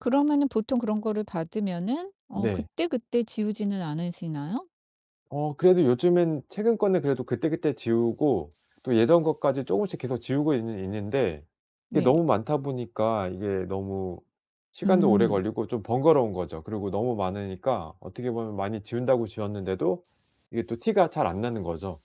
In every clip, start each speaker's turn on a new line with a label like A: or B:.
A: 그러면은 보통 그런 거를 받으면은 어
B: 네.
A: 그때그때 지우지는 않으시나요?
B: 어 그래도 요즘엔 최근 거는 그래도 그때그때 지우고 또 예전 것까지 쪼금씩 계속 지우고 있는 있는데 이게
A: 네.
B: 너무 많다 보니까 이게 너무 시간도 오래
A: 음.
B: 걸리고 좀 번거로운 거죠. 그러고 너무 많으니까 어떻게 보면 많이 지운다고 지웠는데도 이게 또 티가 잘 안 나는 거죠.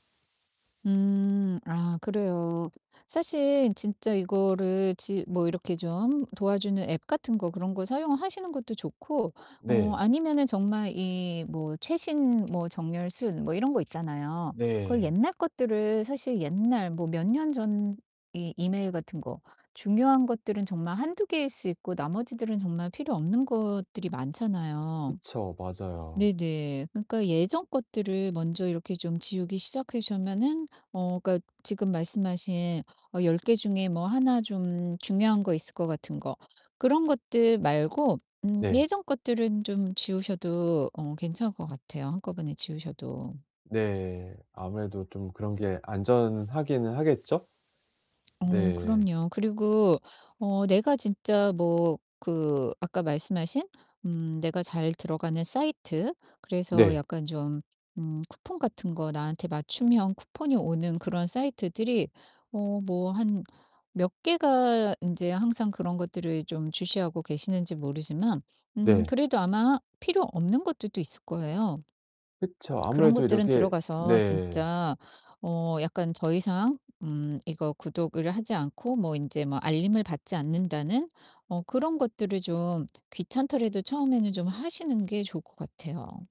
A: 음. 아 그래요. 사실 진짜 이거를 지 뭐 이렇게 좀 함 도와주는 앱 같은 거 그런 거 사용하시는 것도 좋고 어
B: 네.
A: 아니면은 정말 이 뭐 최신 뭐 정렬 순 뭐 이런 거 있잖아요. 그걸
B: 네.
A: 옛날 것들을 사실 옛날 뭐 몇 년 전 이 이메일 같은 거 중요한 것들은 정말 1-2 개일 수 있고 나머지들은 정말 필요 없는 것들이 많잖아요.
B: 그쵸. 맞아요.
A: 네네 그러니까 예전 것들을 먼저 이렇게 좀 지우기 시작하시면은 어 그러니까 지금 말씀하신 어 10 개 중에 뭐 1 좀 중요한 거 있을 것 같은 거 그런 것들 말고 음
B: 네.
A: 예전 것들은 좀 지우셔도 어 괜찮을 것 같아요 한꺼번에 지우셔도.
B: 네 아무래도 좀 그런 게 안전하기는 하겠죠?
A: 어
B: 네.
A: 그럼요. 그리고 어 내가 진짜 뭐 그 아까 말씀하신 음 내가 잘 들어가는 사이트 그래서
B: 네.
A: 약간 좀 음 쿠폰 같은 거 나한테 맞춤형 쿠폰이 오는 그런 사이트들이 어 뭐 한 몇 개가 인제 항상 그런 것들을 좀 주시하고 계시는지 모르지만 음
B: 네.
A: 그래도 아마 필요 없는 것들도 있을 거예요.
B: 그쵸.
A: 그런
B: 아무래도
A: 것들은
B: 이렇게
A: 들어가서
B: 네.
A: 진짜 어 약간 더 이상 음 이거 구독을 하지 않고 뭐 인제 뭐 알림을 받지 않는다는 어 그런 것들을 좀 귀찮더라도 처음에는 좀 하시는 게 좋을 것 같아요.